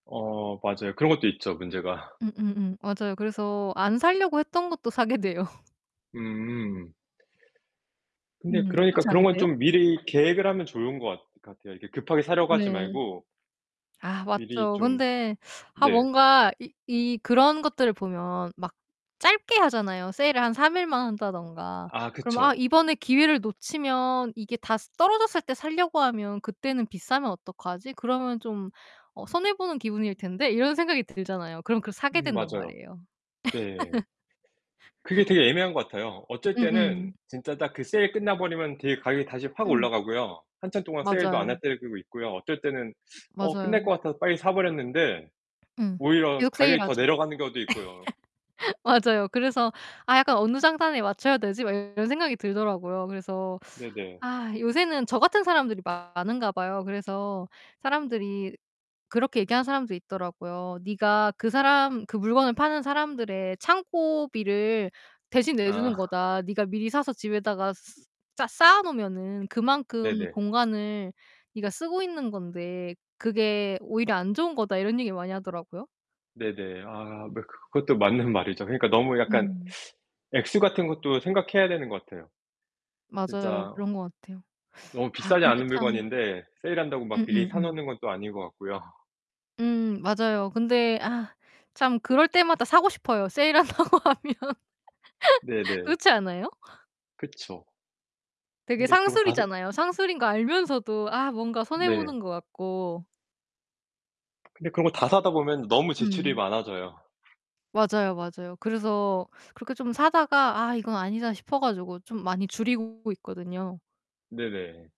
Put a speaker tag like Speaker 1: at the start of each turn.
Speaker 1: 어 맞아요. 그런 것도 있죠, 문제가.
Speaker 2: 음 음 음. 맞아요. 그래서 안 사려고 했던 것도 사게 돼요.
Speaker 1: 음. 근데
Speaker 2: 음.
Speaker 1: 그러니까
Speaker 2: 그렇지
Speaker 1: 그런 건
Speaker 2: 않으세요?
Speaker 1: 좀 미리 계획을 하면 좋은 것 것 같아요. 이렇게 급하게 사려고 하지
Speaker 2: 네.
Speaker 1: 말고
Speaker 2: 아
Speaker 1: 미리
Speaker 2: 맞죠.
Speaker 1: 좀
Speaker 2: 근데 아
Speaker 1: 네.
Speaker 2: 뭔가 이 이 그런 것들을 보면 막 짧게 하잖아요 세일을 한 3일만 한다든가.
Speaker 1: 아
Speaker 2: 그럼 '아
Speaker 1: 그쵸.
Speaker 2: 이번에 기회를 놓치면 이게 다 스 떨어졌을 때 살려고 하면 그때는 비싸면 어떡하지? 그러면 좀 어 손해 보는 기분일 텐데.' 이런 생각이 들잖아요. 그럼 그걸 사게
Speaker 1: 음
Speaker 2: 된단
Speaker 1: 맞아요.
Speaker 2: 말이에요.
Speaker 1: 네. 그게 되게 애매한 것 같아요. 어쩔
Speaker 2: 음
Speaker 1: 때는
Speaker 2: 음.
Speaker 1: 진짜 딱 그 세일 끝나 버리면 되게 가격이 다시 확
Speaker 2: 음.
Speaker 1: 올라가고요. 한참 동안 세일도 안 할
Speaker 2: 맞아요.
Speaker 1: 때도 있고요. 어쩔 때는 어 끝날
Speaker 2: 맞아요.
Speaker 1: 것 같아서 빨리 사 버렸는데
Speaker 2: 음.
Speaker 1: 오히려
Speaker 2: 계속
Speaker 1: 가격이 더
Speaker 2: 세일하죠.
Speaker 1: 내려가는 경우도 있고요.
Speaker 2: 맞아요. 그래서 '아 약간 어느 장단에 맞춰야 되지?' 막 이런 생각이 들더라고요. 그래서
Speaker 1: 네네.
Speaker 2: 아 요새는 저 같은 사람들이 많은가 봐요. 그래서 사람들이 그렇게 얘기하는 사람도 있더라고요. "네가 그 사람, 그 물건을 파는 사람들의 창고비를 대신
Speaker 1: 아.
Speaker 2: 내주는 거다. 네가 미리 사서 집에다가 스 스 쌓 쌓아 놓으면은 그만큼
Speaker 1: 네네.
Speaker 2: 공간을 네가 쓰고 있는 건데 그게 오히려 안 좋은 거다." 이런 얘기를 많이 하더라고요.
Speaker 1: 네네. 아 매 그 그것도 맞는 말이죠. 그러니까 너무 약간
Speaker 2: 음.
Speaker 1: 액수 같은 것도 생각해야 되는 것 같아요.
Speaker 2: 맞아요.
Speaker 1: 진짜
Speaker 2: 그런 것 같아요.
Speaker 1: 너무
Speaker 2: 아
Speaker 1: 비싸지
Speaker 2: 근데
Speaker 1: 않은
Speaker 2: 참
Speaker 1: 물건인데 세일한다고 막 미리 사
Speaker 2: 음음음.
Speaker 1: 놓는 건 또 아닌 것 같고요.
Speaker 2: 음. 맞아요. 근데 아 참 그럴 때마다 사고 싶어요 세일한다고 하면.
Speaker 1: 네 네.
Speaker 2: 그렇지 않아요?
Speaker 1: 그쵸.
Speaker 2: 되게
Speaker 1: 근데 그러고 다 사
Speaker 2: 상술이잖아요. 상술인 거 알면서도 아 뭔가 손해
Speaker 1: 네.
Speaker 2: 보는 것 같고
Speaker 1: 근데 그런 거 다 사다 보면 너무 지출이
Speaker 2: 음.
Speaker 1: 많아져요.
Speaker 2: 맞아요, 맞아요. 그래서 그렇게 좀 사다가 '아 이건 아니다.' 싶어 가지고 좀 많이 줄이고 있거든요.
Speaker 1: 네네.